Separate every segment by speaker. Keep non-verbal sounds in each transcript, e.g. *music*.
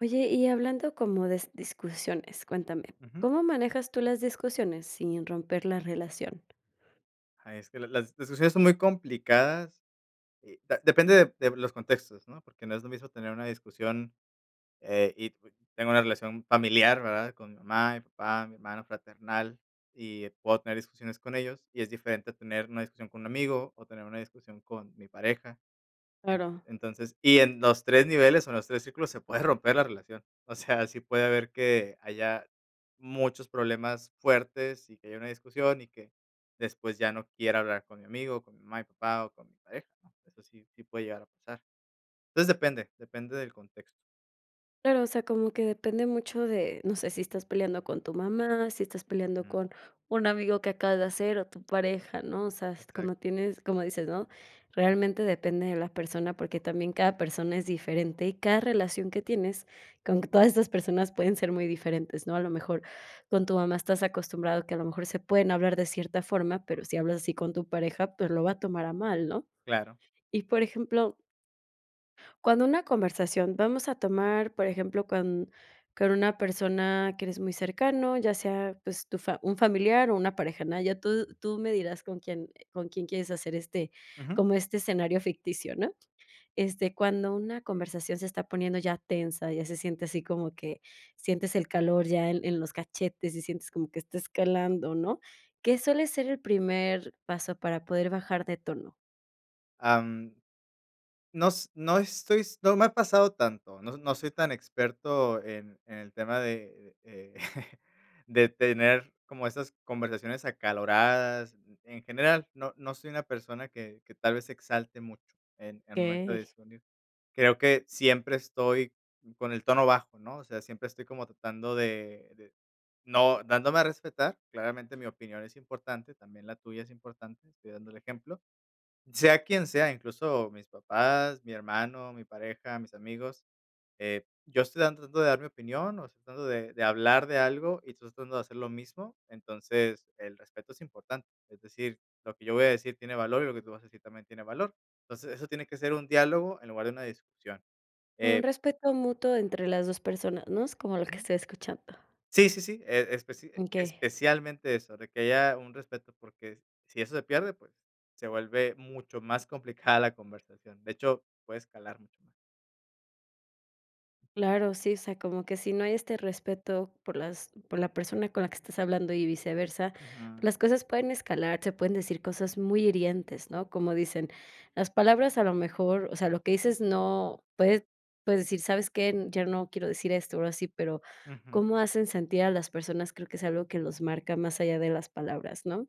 Speaker 1: Oye, y hablando como de discusiones, cuéntame,
Speaker 2: Ujú.
Speaker 1: ¿cómo manejas tú las discusiones sin romper la relación?
Speaker 2: Es que las las discusiones son muy complicadas, eh, depende de de los contextos, ¿no? Porque no es lo mismo tener una discusión, eh, y tengo una relación familiar, ¿verdad? Con mi mamá, mi papá, mi hermano fraternal, y puedo tener discusiones con ellos, y es diferente tener una discusión con un amigo o tener una discusión con mi pareja.
Speaker 1: Claro.
Speaker 2: Entonces y en los 3 niveles o en los 3 círculos se puede romper la relación. O sea, sí puede haber que haya muchos problemas fuertes y que haya una discusión y que después ya no quiera hablar con mi amigo, con mi mamá y papá o con mi pareja, ¿no? Eso sí, sí puede llegar a pasar. Entonces depende, depende del contexto.
Speaker 1: Claro, o sea, como que depende mucho de, no sé, si estás peleando con tu mamá, si estás peleando
Speaker 2: Ujú.
Speaker 1: con un amigo que acabas de hacer o tu pareja, ¿no? O sea, como
Speaker 2: Exacto.
Speaker 1: tienes como dices, ¿no? Realmente depende de la persona, porque también cada persona es diferente, y cada relación que tienes con q todas esas personas pueden ser muy diferentes, ¿no? A lo mejor con tu mamá estás acostumbrado, que a lo mejor se pueden hablar de cierta forma, pero si hablas así con tu pareja, pues lo va a tomar a mal, ¿no?
Speaker 2: Claro.
Speaker 1: Y, por ejemplo cuando una conversación, vamos a tomar, por ejemplo, con con una persona que eres muy cercano, ya sea, pues tu fa un familiar o una pareja, ¿no? Ya tú tú me dirás con quién con quién quieres hacer este
Speaker 2: Ujú.
Speaker 1: como este escenario ficticio, ¿no? Este, cuando una conversación se está poniendo ya tensa, ya se siente así como que sientes el calor ya en en los cachetes y sientes como que está escalando, ¿no? ¿Qué suele ser el primer paso para poder bajar de tono?
Speaker 2: Ah, mm. No s no estoy no me ha pasado tanto. No no soy tan experto en en el tema, de, eh, *chuckles* de tener como esas conversaciones acaloradas. En general, no no soy una persona que que tal vez se exalte mucho, en en momento de
Speaker 1: Okey.
Speaker 2: discernir. Creo que siempre estoy con el tono bajo, ¿no? O sea, siempre estoy como tratando de de, no dándome a respetar. Claramente mi opinión es importante, también la tuya es importante, estoy dando el ejemplo, sea quien sea, incluso mis papás, mi hermano, mi pareja, mis amigos, eh, yo estoy tratando de dar mi opinión o estoy tratando de de hablar de algo y estoy tratando de hacer lo mismo. Entonces, el respeto es importante. Es decir, lo que yo voy a decir tiene valor y lo que tú vas a decir también tiene valor. Entonces, eso tiene que ser un diálogo en lugar de una discusión,
Speaker 1: Un
Speaker 2: eh
Speaker 1: respeto mutuo entre las 2 personas, ¿no? Es como lo que
Speaker 2: Ujú.
Speaker 1: estoy escuchando.
Speaker 2: Sí, sí, sí, e especi
Speaker 1: Okey.
Speaker 2: especialmente eso, de que haya un respeto porque si eso se pierde, pues se vuelve mucho más complicada la conversación. De hecho, puede escalar mucho más.
Speaker 1: Claro, sí, o sea, como que si no hay este respeto por las por la persona con la que estás hablando y viceversa, pues
Speaker 2: Ujú.
Speaker 1: las cosas pueden escalar, se pueden decir cosas muy hirientes, ¿no? Como dicen: "Las palabras a lo mejor", o sea, lo que dices no puedes puedes decir: "¿Sabes qué?, ya no quiero decir esto", o, algo así, pero,
Speaker 2: Ujú.
Speaker 1: cómo hacen sentir a las personas, creo que es algo que los marca más allá de las palabras, ¿no?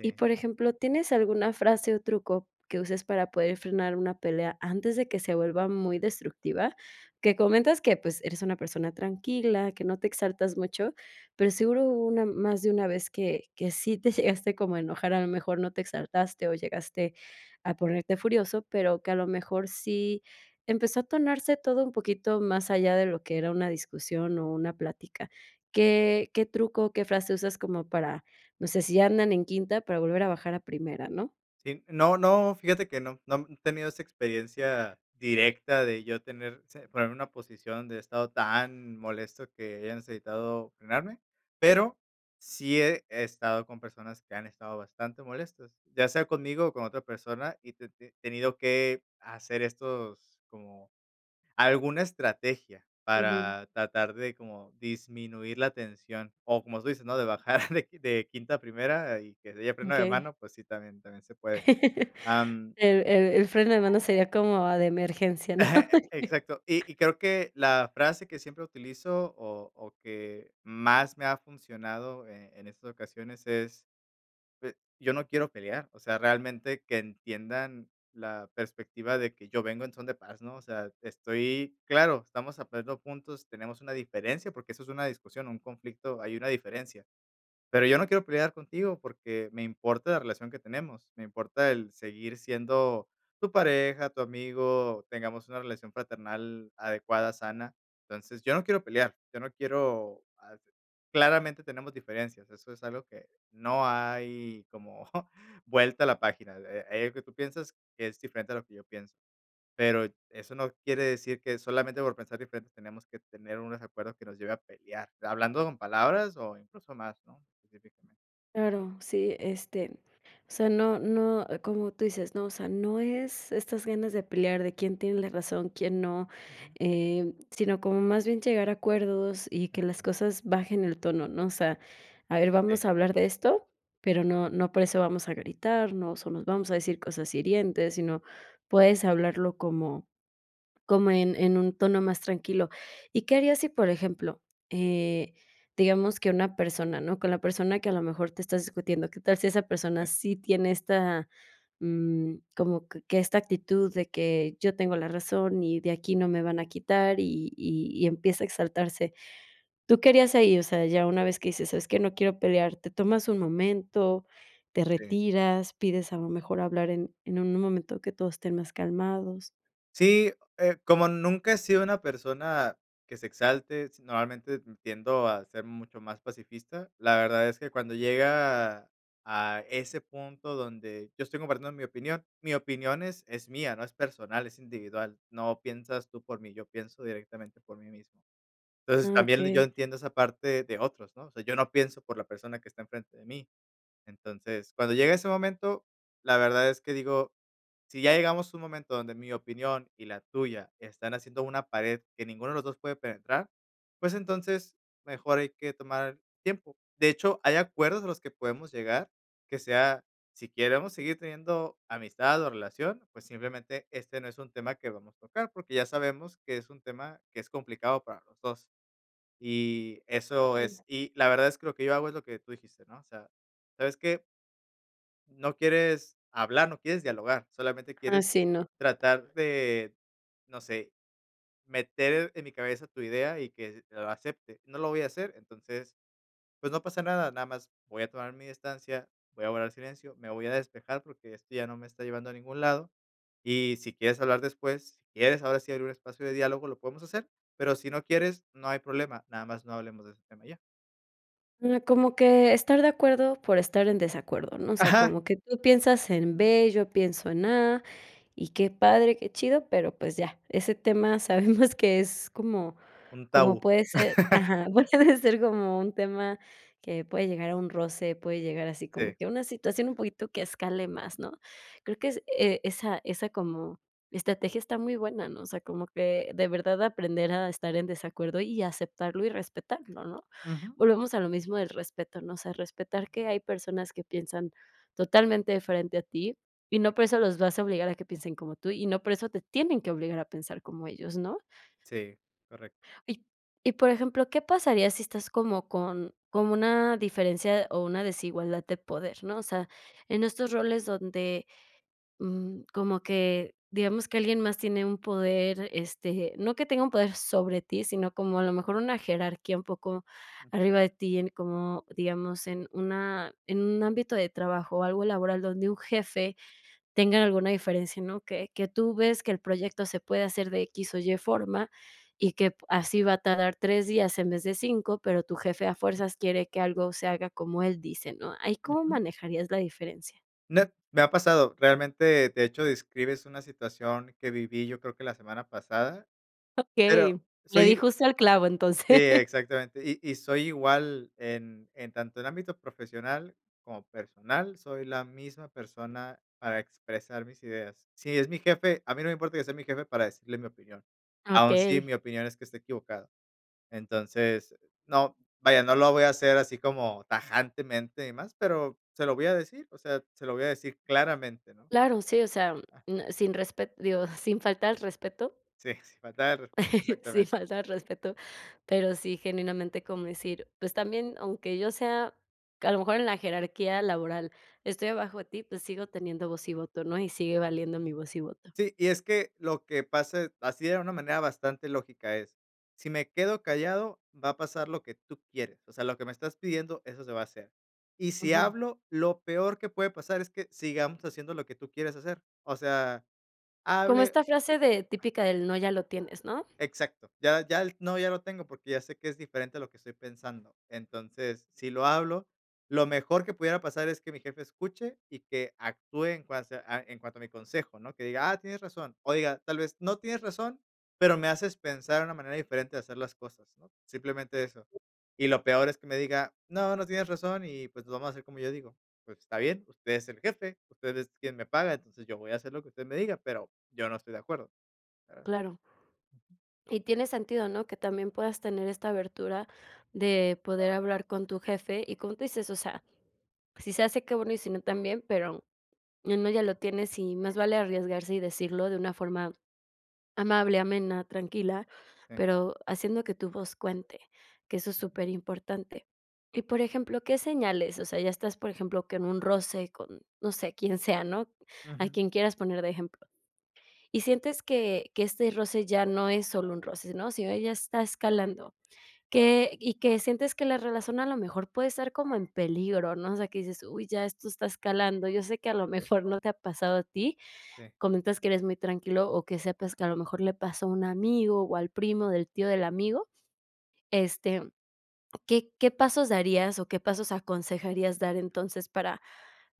Speaker 1: Y, por ejemplo, ¿tienes alguna frase, o truco que uses para poder frenar una pelea antes de que se vuelva muy destructiva? Que comentas que, pues, eres una persona tranquila, que no te exaltas mucho, pero, seguro hubo una más de una vez, que que sí te llegaste como a enojar, a lo mejor no te exaltaste, o llegaste a ponerte furioso, pero, que a lo mejor sí empezó a tornarse todo un poquito más allá de lo que era una discusión, o una plática, ¿qué qué truco o qué frase usas como para, no sé si ya andan en quinta para volver a bajar a primera, no?
Speaker 2: Sí, no no, fíjate que no, no he tenido esa experiencia
Speaker 1: Sí.
Speaker 2: directa de yo tener se ponerme una posición de estado tan molesto que hayan necesitado frenarme, pero, sí he he estado con personas que han estado bastante molestos, ya sea conmigo, o con otra persona, y he te te tenido que hacer estos, como alguna estrategia
Speaker 1: Ujú.
Speaker 2: para tratar de como disminuir la tensión, o como se dice, ¿no?, de bajar de de quinta *chuckles* a primera, y que haya freno de
Speaker 1: Okey.
Speaker 2: mano, pues sí, también también se puede,
Speaker 1: *laughs*
Speaker 2: am
Speaker 1: El el el freno de mano sería como, ah, de emergencia, ¿no?
Speaker 2: *laughs* Exacto. Y y
Speaker 1: *laughs*
Speaker 2: creo que la frase que siempre utilizo, o o, que más me ha funcionado, eh, en estas ocasiones es, eh: "Yo no quiero pelear". O sea, realmente que entiendan la perspectiva de que yo vengo en son de paz, ¿no? O sea, estoy Claro, estamos aprendiendo juntos, tenemos una diferencia, porque, eso es una discusión, un conflicto, hay una diferencia. Pero, yo no quiero pelear contigo porque, me importa la relación que tenemos, me importa el seguir siendo tu pareja, tu amigo, tengamos una relación fraternal adecuada, sana. Entonces, yo no quiero pelear, yo no quiero, ah, claramente tenemos diferencias, eso es algo que no hay como vuelta a la página, eh, hay algo que tú piensas que es diferente a lo que yo pienso. Pero, eso no quiere decir que solamente por pensar diferentes tenemos que tener unos acuerdos que nos lleve pelear. Hablando con palabras, o, incluso más, ¿no? *unintelligible*
Speaker 1: Claro, sí. Este, o sea, no no ah, como tú dices, ¿no? O sea, no es estas ganas de pelear, de quién tiene la razón, quién no,
Speaker 2: Ajá.
Speaker 1: em, sino como más bien llegar a acuerdos y que las
Speaker 2: Ujú.
Speaker 1: cosas bajen el tono, ¿no? O sea, a ver,
Speaker 2: Sí.
Speaker 1: vamos a hablar de esto, pero no no por eso vamos a gritarnos, o nos vamos a decir cosas hirientes sino puedes hablarlo como como en en un tono más tranquilo, y qué harías si por ejemplo, eh, digamos que una persona ¿no? Con la persona que a lo mejor te estás discutiendo, qué tal si esa persona
Speaker 2: Eh
Speaker 1: sí tiene esta, mm, como q que esta actitud de que yo tengo la razón y de aquí no me van a quitar y y y empieza a exaltarse. ¿Tú que harías ahí? O sea, ya una vez que dices: "¿Sabes qué? No quiero pelear", ¿te tomas un momento, te
Speaker 2: Sí.
Speaker 1: retiras, pides a lo mejor hablar en en un momento que todo esté más calmados?
Speaker 2: Sí, eh, como nunca he sido una persona que se exalte, s normalmente, mm, tiendo a ser mucho más pacifista. La verdad es que cuando llega a ese punto donde yo estoy compartiendo mi opinión. Mi opinión es es mía, no es personal, es individual. No piensas tú por mí. Yo pienso directamente por mí mismo. Entonces,
Speaker 1: Ah,
Speaker 2: también l yo
Speaker 1: okey.
Speaker 2: entiendo esa parte de otros, ¿no? O sea, yo no pienso por la persona que está enfrente de mí. Entonces, cuando llega ese momento, la verdad es que digo, si ya llegamos a un momento donde mi opinión y la tuya están haciendo una pared que ninguno de los 2 puede penetrar, pues, entonces, mejor hay que tomar tiempo. De hecho, hay acuerdos a los que podemos llegar, que sea, si queremos seguir teniendo amistad o relación, pues, simplemente este no es un tema que vamos tocar, porque, ya sabemos que es un tema que es complicado para los 2. Y eso
Speaker 1: *unintelligible*
Speaker 2: es. Y la verdad es que lo que yo hago, es lo que tú dijiste, ¿no? O sea, ¿sabes qué? No quieres hablar, no quieres dialogar, solamente quieres
Speaker 1: Así no.
Speaker 2: tratar de, no sé, meter en mi cabeza tu idea y que lo acepte. No lo voy a hacer, entonces, pues no pasa nada. Nada más voy a tomar mi distancia, voy a guardar silencio, me voy a despejar porque este ya no me está llevando a ningún lado. Y si quieres hablar después, si quieres, ahora si abrir un espacio de diálogo, lo podemos hacer, pero si no quieres, no hay problema. Nada más no hablemos de ese tema y ya.
Speaker 1: Mm, como que estar de acuerdo por estar en desacuerdo, ¿no? o sea,
Speaker 2: Ajá.
Speaker 1: como que tú piensas en B, yo pienso en A, y qué padre, qué chido, pero pues ya, ese tema *chuckles* sabemos que es como
Speaker 2: Un
Speaker 1: como
Speaker 2: tabú.
Speaker 1: puede ser,
Speaker 2: *laughs*
Speaker 1: ajá, puede ser *chuckles* como un tema que puede llegar a un roce, puede llegar así como
Speaker 2: Sí.
Speaker 1: que a una situación un poquito que escale más, ¿no? Creo que es, eh, esa esa como estrategia está muy buena, ¿no? O sea, como que de verdad aprender a estar en desacuerdo, y aceptarlo y respetarlo, ¿no?
Speaker 2: Ujú.
Speaker 1: Volvemos a lo mismo del respeto, ¿no? O sea, respetar que hay personas que piensan totalmente diferente a ti, y no por eso los vas a obligar a que piensen como tú, y no por eso te tienen que obligar a pensar como ellos, ¿no?
Speaker 2: Sí, correcto.
Speaker 1: Y y, por ejemplo, ¿qué pasaría si estás como con con una diferencia o una desigualdad de poder, no? O sea, en estos roles donde, mm, como que, digamos, que alguien más tiene un poder, este, no que tenga un poder sobre ti, sino como a lo mejor una jerarquía un poco arriba de ti, en como, digamos, en una en un ámbito de trabajo, o algo laboral donde un jefe tenga alguna diferencia, ¿no? Que que tú ves que el proyecto se puede hacer de X o Y forma, y que p así va a tardar 3 días en vez de 5, pero, tu jefe a fuerzas quiere que algo se haga como él dice, ¿no? ¿Ahí cómo
Speaker 2: Ujú.
Speaker 1: manejarías la diferencia?
Speaker 2: Net me ha pasado. Realmente, de hecho, describes una situación que viví yo creo que la semana pasada,
Speaker 1: Okey,
Speaker 2: pero
Speaker 1: le
Speaker 2: soy
Speaker 1: di
Speaker 2: i
Speaker 1: justo al clavo,
Speaker 2: Sí,
Speaker 1: entonces.
Speaker 2: exactamente. Y y soy igual en en tanto en ámbito profesional como personal, soy la misma persona para expresar mis ideas. Si es mi jefe, a mí no me importa que sea mi jefe para decirle mi opinión, aún si
Speaker 1: Okey.
Speaker 2: mi opinión es que esté equivocado. Entonces, no vaya, no lo voy a hacer así como tajantemente y más, pero se lo voy a decir, o sea, se lo voy a decir claramente, ¿no?
Speaker 1: Claro, sí, o sea, mm,
Speaker 2: Ah.
Speaker 1: m sin respet digo, sin faltar el respeto.
Speaker 2: Sí, sin faltar el respeto,
Speaker 1: Sin
Speaker 2: exactamente.
Speaker 1: faltar el respeto, pero sí, genuinamente como decir: "Pues también, aunque yo sea, a lo mejor en la jerarquía laboral, estoy abajo de ti, pues sigo teniendo voz y voto, ¿no?, y sigue valiendo mi voz y voto".
Speaker 2: Sí, y es que lo que pase, así de una manera bastante lógica es, si me quedo callado, va a pasar lo que tú quieres, o sea, lo que me estás pidiendo, eso se va a hacer. Y si
Speaker 1: Ujú.
Speaker 2: hablo, lo peor que puede pasar es que, sigamos haciendo lo que tú quieres hacer. O sea,
Speaker 1: Como
Speaker 2: hable
Speaker 1: esta frase de típica de el no ya lo tienes, ¿no?
Speaker 2: Exacto. Ya ya el no, ya lo tengo, porque ya sé que es diferente a lo que estoy pensando. Entonces, si lo hablo, lo mejor que pudiera pasar es que mi jefe escuche y que actúe en cuasa a en cuanto a mi consejo, ¿no?, que diga: "Ah, tienes razón". O diga: "Tal vez no tienes razón, pero me haces pensar en una manera diferente de hacer las cosas", ¿no?, simplemente eso. Y lo peor es que me diga: "No, no tienes razón y, pues, lo vamos a hacer como yo digo. 'Pues, está bien, usted es el jefe, usted es quien me paga, entonces, yo voy a hacer lo que usted me diga, pero yo no estoy de acuerdo'".
Speaker 1: Claro. Y tiene sentido, ¿no?, que también puedas tener esta abertura de poder hablar con tu jefe y como tú dices, o sea, si se hace, qué bueno y si no, también, pero el no ya lo tienes, y más vale arriesgarse y decirlo de una forma amable, amena, tranquila,
Speaker 2: Sí.
Speaker 1: pero haciendo que tu voz cuente, que eso es superimportante. Y, por ejemplo, ¿qué señales?, o sea, ya estás, por ejemplo, que en un roce con, no sé, quién sea, ¿no?, a
Speaker 2: Ujú.
Speaker 1: quien quieras poner de ejemplo. Y sientes que que este roce ya no es solo un roce, ¿no?, sino, eh, ya está escalando, que y que sientes que la relación a lo mejor puede estar como en peligro, ¿no?, o sea, que dices: "Uy, ya esto está escalando", yo sé que a lo mejor *giggles* no te ha pasado a ti,
Speaker 2: Sí.
Speaker 1: comentas que eres muy tranquilo, o que sepas que a lo mejor le pasó a un amigo, o al primo del tío del amigo, este, mm, ¿qué qué pasos darías o qué pasos aconsejarías dar entonces, para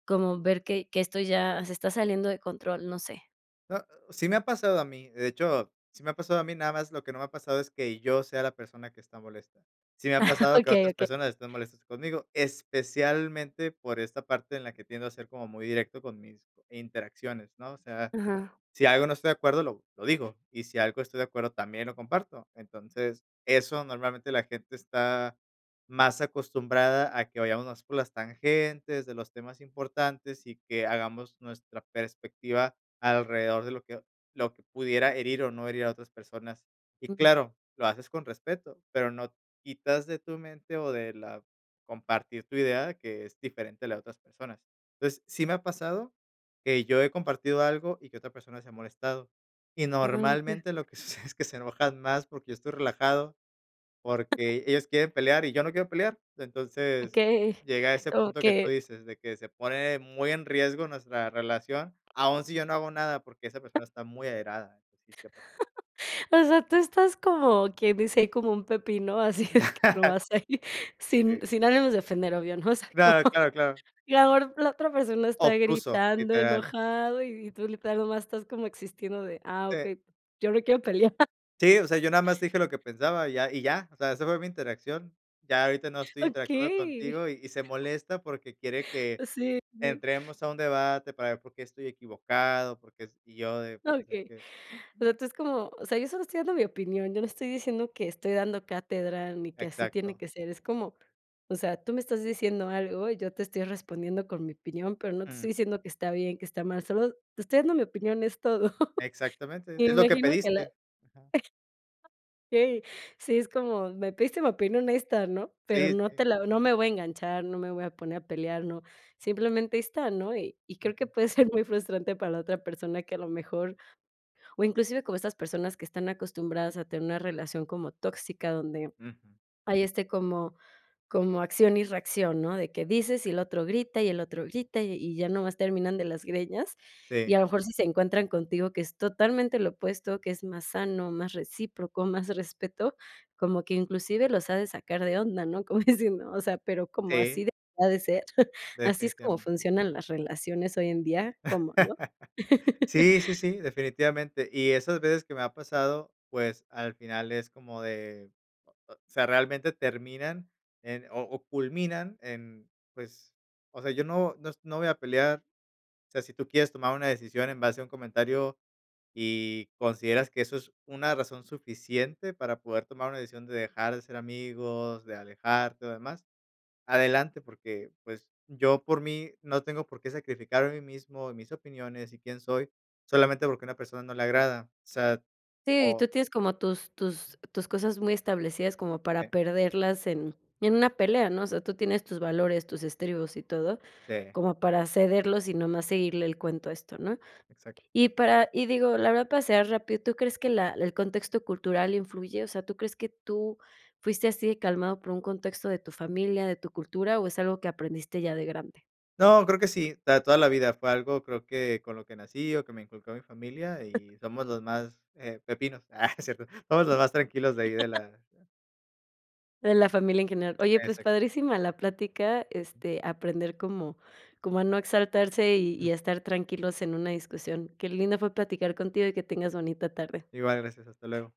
Speaker 1: como ver que que esto ya se está saliendo de control?, no sé.
Speaker 2: Ah, sí me ha pasado a mí, de hecho, sí me ha pasado a mí, nada más lo que no me ha pasado es que, yo sea la persona que está molesta. Sí me ha
Speaker 1: *laughs*
Speaker 2: pasado que
Speaker 1: Okey,
Speaker 2: otras
Speaker 1: okey.
Speaker 2: personas estén molestas conmigo, especialmente por esta parte en la que tiendo a ser como muy directo con mis interacciones, ¿no?, o sea,
Speaker 1: Ajá.
Speaker 2: si algo no estoy de acuerdo, lo lo digo, y si algo estoy de acuerdo, también lo comparto. Entonces, eso normalmente la gente está más acostumbrada a que vayamos más por las tangentes, de los temas importantes, y que hagamos nuestra perspectiva alrededor de lo que lo que pudiera herir, o no herir a otras personas. Y
Speaker 1: Mm.
Speaker 2: claro, lo haces con respeto, pero no quitas de tu mente, o de la compartir tu idea que es diferente a la de otras personas. Entonces, sí me ha pasado, que yo he compartido algo y que otra persona se ha molestado, y
Speaker 1: Ah, okey.
Speaker 2: normalmente, lo que sucede es que se enojan más, porque yo estoy relajado, porque ellos quieren pelear, y yo no quiero pelear. Entonces,
Speaker 1: Okey,
Speaker 2: llega a ese
Speaker 1: como
Speaker 2: punto que tú
Speaker 1: que
Speaker 2: dices, de que se pone muy en riesgo nuestra relación, aún si yo no hago nada, porque esa persona está muy airada, sí, sí ha pasado.
Speaker 1: *laughs* O sea, tú estás como quien dice: "Ahí como un pepino", así de que
Speaker 2: *laughs*
Speaker 1: nomás ahí, sin
Speaker 2: Sí.
Speaker 1: sin ánimos de ofender, obvio, ¿no?, o sea,
Speaker 2: No.
Speaker 1: como,
Speaker 2: Claro, claro, claro.
Speaker 1: y la or la otra persona está
Speaker 2: Obtuso,
Speaker 1: gritando,
Speaker 2: literal.
Speaker 1: enojado, y y tú literal nada más estás como existiendo de: "Ah,
Speaker 2: Sí.
Speaker 1: okey, yo no quiero pelear". *laughs*
Speaker 2: Sí, o sea, yo nada más te dije lo que pensaba y ya y ya. O sea, esa fue mi interacción. Ya ahorita no estoy interactuando
Speaker 1: ¡Okey!
Speaker 2: contigo, y y se molesta porque quiere que,
Speaker 1: Así, sí.
Speaker 2: entremos a un debate para ver por qué estoy equivocado, porque es y yo de, pues, es
Speaker 1: Okey.
Speaker 2: que,
Speaker 1: O sea,
Speaker 2: no.
Speaker 1: tú es como: "O sea, yo solo estoy dando mi opinión, yo no estoy diciendo que estoy dando cátedra, ni que así tiene
Speaker 2: Exacto.
Speaker 1: que ser, es como, o sea, tú me estás diciendo algo, y yo te estoy respondiendo con mi opinión, pero no te
Speaker 2: Mm.
Speaker 1: estoy diciendo que está bien, que está mal, solo te estoy dando mi opinión, es todo". *laughs*
Speaker 2: Exactamente,
Speaker 1: Y
Speaker 2: es
Speaker 1: me
Speaker 2: lo que
Speaker 1: imagino que la
Speaker 2: pediste. Ajá.
Speaker 1: Okey, sí, es como: "Me pediste mi opinión honesta, ¿no?, pero
Speaker 2: Sí,
Speaker 1: no
Speaker 2: sí.
Speaker 1: te la no me voy a enganchar, no me voy a poner a pelear, no. Simplemente, ahí está, ¿no?", y y creo que
Speaker 2: Ujú.
Speaker 1: puede ser muy frustrante para la otra persona que a lo mejor o inclusive como estas personas que están acostumbradas a tener una relación como tóxica, donde
Speaker 2: Ujú.
Speaker 1: hay, este, como como acción y reacción, ¿no?, de que dices y el otro grita y el otro grita, y y ya nomás terminan de las greñas.
Speaker 2: Sí.
Speaker 1: Y a lo mejor si se encuentran contigo que es totalmente lo opuesto, que es más sano, más recíproco, más respeto, como que inclusive los ha de sacar de onda, ¿no?, como diciendo: "O sea, ¿pero cómo,
Speaker 2: Sí.
Speaker 1: así debería de ser? *giggles* ¿Así es como
Speaker 2: Definitivamente.
Speaker 1: funcionan las relaciones hoy en día? ¿Cómo?" ¿No?
Speaker 2: *laughs*
Speaker 1: *laughs*
Speaker 2: Sí, sí, sí, definitivamente. Y esas veces que me ha pasado, pues, al final es como de, o o sea, realmente terminan en o o culminan en pues, o sea, yo no nos no voy a pelear, o sea, si tú quieres tomar una decisión en base a un comentario, y, consideras que eso es una razón suficiente para poder tomar una decisión de dejar de ser amigos, de alejarte o demás, adelante, porque, pues, yo por mí no tengo por qué sacrificarme a mí mismo, mis opiniones y quién soy, solamente porque a una persona no le agrada. O sea,
Speaker 1: Sí, y
Speaker 2: o
Speaker 1: tú tienes como tus tus tus cosas muy establecidas como para
Speaker 2: Sí.
Speaker 1: perderlas en en una pelea, ¿no?, o sea, tú tienes tus valores, tus estribos y todo,
Speaker 2: Sí.
Speaker 1: como para cederlos y nomás seguirle el cuento a esto, ¿no?,
Speaker 2: Exacto.
Speaker 1: y para y digo, la verdad para cerrar rápido, ¿tú crees que la el contexto cultural influye?, o sea, ¿tú crees que tú fuiste así calmado por un contexto de tu familia, de tu cultura, o es algo que aprendiste ya de grande?
Speaker 2: No, creo que sí, para toda la vida fue algo, creo que con lo que nací, o que me inculcó mi familia y somos los más, eh, pepinos. Ah, no es cierto. Somos los más tranquilos de ahí de
Speaker 1: *laughs*
Speaker 2: la
Speaker 1: De la familia en general. Oye, pues,
Speaker 2: Exacto.
Speaker 1: padrísima la plática, este, aprender como como a no exaltarse, y
Speaker 2: Mm.
Speaker 1: y a estar tranquilos en una discusión. Qué lindo fue platicar contigo y que tengas bonita tarde.
Speaker 2: Igual, gracias, hasta luego.